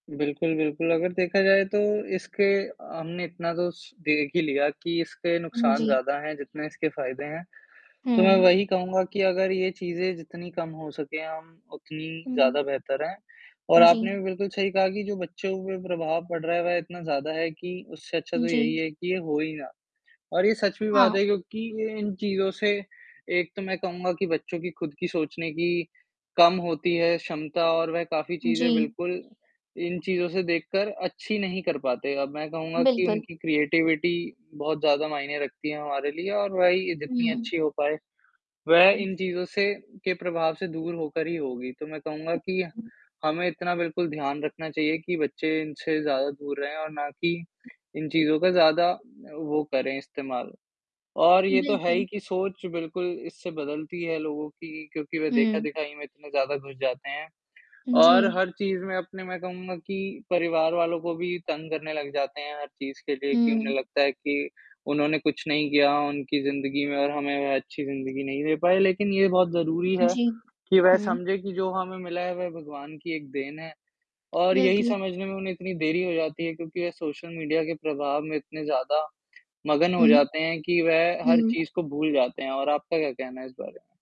बिल्कुल, बिल्कुल, अगर देखा जाए तो इसके अ, हमने इतना तो स देख ही लिया कि इसके उम, नुकसान जी। ज़्यादा हैं, जितने इसके फ़ायदे हैं। तो मैं हुँ। वही कहूँगा कि अगर ये चीज़ें जितनी कम हो सकें, हम उतनी ज़्यादा हुँ। बेहतर हैं, और आपने जी। भी बिल्कुल सही कहा कि जो बच्चों के ऊपर प्रभाव पड़ रहा है वह इतना ज़्यादा है कि, उससे अच्छा हुँ, तो यही जी। है कि ये हो ही ना। और ये सच भी बात हाँ। है क्योंकि ये इन चीज़ों से एक तो मैं कहूँगा कि बच्चों की खुद की सोचने की कम होती है, क्षमता और वह काफ़ी चीज़ें जी। बिल्कुल, इन चीज़ों से देखकर अच्छी नहीं कर पाते। अब मैं कहूँगा कि बिल्कुल। उनकी क्रिएटिविटी बहुत ज़्यादा मायने रखती है हमारे लिए और वही ये जितनी हुँ। अच्छी हो पाए। वह हुँ। इन चीज़ों से के प्रभाव से दूर होकर ही होगी, तो मैं कहूँगा हुँ, कि हुँ। हमें इतना बिल्कुल ध्यान रखना चाहिए, कि बच्चे इनसे ज़्यादा दूर रहें और ना कि, इन चीज़ों का ज़्यादा अ, वो करें, इस्तेमाल। और ये तो है बिल्कुल। ही कि सोच बिल्कुल इससे बदलती है लोगों की, क्योंकि वह हुँ। देखा-दिखाई में इतने ज़्यादा घुस जाते हैं और जी। हर चीज़ में अपने मैं कहूँगा कि परिवार वालों को भी तंग करने लग जाते हैं हर चीज़ के लिए, कि हुँ। उन्हें लगता है कि, उन्होंने कुछ नहीं किया उनकी ज़िंदगी में और हमें वह अच्छी ज़िंदगी नहीं दे पाए, लेकिन ये बहुत ज़रूरी उ है, जी। कि वह हुँ। समझे कि जो हमें मिला है वह भगवान की एक देन है। और यही बिल्कुल। समझने में उन्हें इतनी देरी हो जाती है, क्योंकि वह सोशल मीडिया के प्रभाव में इतने ज़्यादा मगन हो हुँ। जाते हैं कि, वह हर हुँ। चीज़ को भूल जाते हैं, और आपका क्या कहना है इस बारे में?